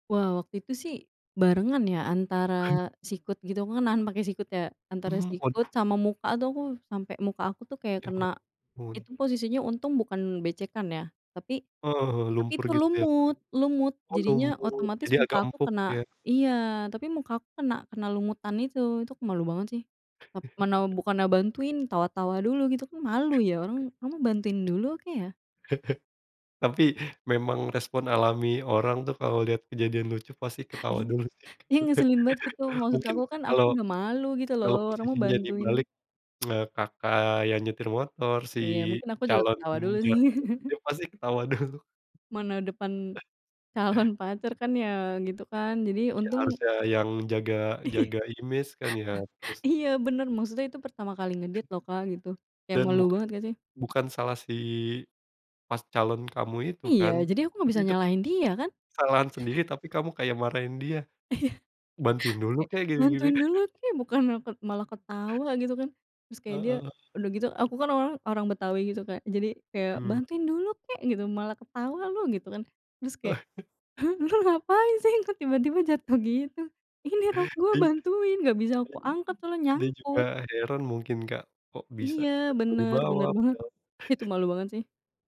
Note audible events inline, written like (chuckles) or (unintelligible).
Wah waktu itu sih, barengan ya, (chuckles) antara sikut gitu, aku kan nahan pakai sikut ya. Antara Mmm, kod sikut sama muka tuh aku, sampai muka aku tuh kayak Ya, kena. ampun. Itu posisinya untung bukan becekan ya. Tapi, Oh, tapi lumpur itu gitu ya, Kak? lumut, lumut. Oh Jadinya lumpur. otomatis Jadi muka agak aku empuk, kena ya. iya, tapi muka aku kena, kena lumutan itu. Itu aku malu banget sih, tap mana (chuckles) bukannya bantuin, tawa tawa dulu gitu kan malu (chuckles) ya orang, kamu bantuin dulu kek ya? Tapi memang respon alami orang tuh kalau lihat kejadian lucu pasti ketawa dulu. Iya ngeselin banget gitu. (laughs) Maksud Mungkin aku kan, aku kalau, sudah malu gitu loh, kalau orang mah posisinya bantuin nu dibalik, (clicks tongue) Kakak yang nyetir motor, si Iya, mungkin aku juga calon ketawa dulu sih. jatuh, (laughs) juga pasti ketawa dulu. Mana depan (chuckles) calon pacar kan ya, gitu kan, jadi Iya untung harusnya yang jaga, jaga image kan ya, (laughs) terus Iya bener, maksudnya itu pertama kali nge date loh, Kak, gitu. Kayak Dan malu buk banget enggak sih? bukan salah si pas calon kamu itu Iya, kan. jadi aku enggak Kan bisa itu kan nyalahin dia kan? kesalahan sendiri, (chuckles) tapi kamu kayak marahin dia, Iya. "Bantuin dulu kek, gini-gini." Bantuin (chuckles) dulu kek, bukannya tet malah ketawa gitu kan. Terus kayaknya, Heeh. udah gitu aku kan orang orang Betawi gitu Kak. Jadi kayak, Mhm. "Bantuin dulu kek gitu, malah ketawa lu," gitu kan. Terus kayak, (chuckles) "Lu ngapain sih? Kok tiba-tiba jatuh gitu." "Ini rok (laughs) Iya,. gue (unintelligible) bantuin, enggak bisa aku angkat soalnya Dia juga nyangkut." heran mungkin, Kak. Kok bisa Iya tiba-tiba di benar, bawah, benar banget. padahal Itu (chuckles) malu banget sih.